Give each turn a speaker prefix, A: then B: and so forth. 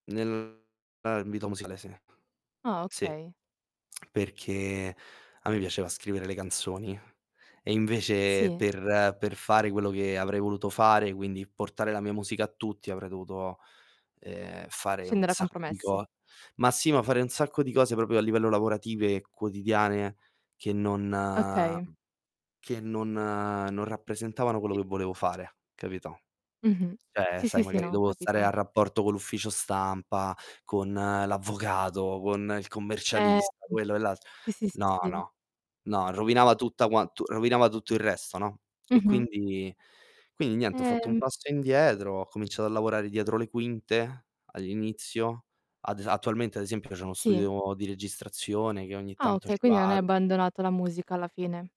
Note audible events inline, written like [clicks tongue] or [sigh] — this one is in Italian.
A: Nel ambito musicale, sì.
B: Ah
A: Sì,
B: okay.
A: [clicks tongue] perché, a me piaceva scrivere le canzoni, e invece
B: Sì.
A: per per fare quello che avrei voluto fare, quindi portare la mia musica a tutti, avrei dovuto, ehm, fare un
B: Scendere a
A: sacco di
B: compromessi.
A: co ma sì, ma fare un sacco di cose proprio a livello lavorative e quotidiane che non mhmm,
B: Okay.
A: che non non rappresentavano quello
B: Sì.
A: che volevo fare, capito,
B: Mh-mh.
A: cioè,
B: Sì,
A: sai,
B: sì, sì,
A: magari
B: no, ho
A: dovevo stare a
B: capito.
A: rapporto con l'ufficio stampa, con l'avvocato, con il
B: Ehm, mh.
A: commercialista, quello e l'alt
B: sì, sì, sì,
A: no,
B: sì.
A: no, no, rovinava tutta quant rovinava tutto il resto, no, e
B: Mh-mh.
A: quindi quindi niente, ho fatto un
B: Ehm
A: passo indietro, ho cominciato a lavorare dietro le quinte all'inizio. Ad es attualmente, ad esempio, c'ho uno
B: Sì.
A: studio di registrazione che ogni
B: Ah,
A: tanto
B: okay,
A: ci
B: quindi non hai
A: vado.
B: abbandonato la musica alla fine?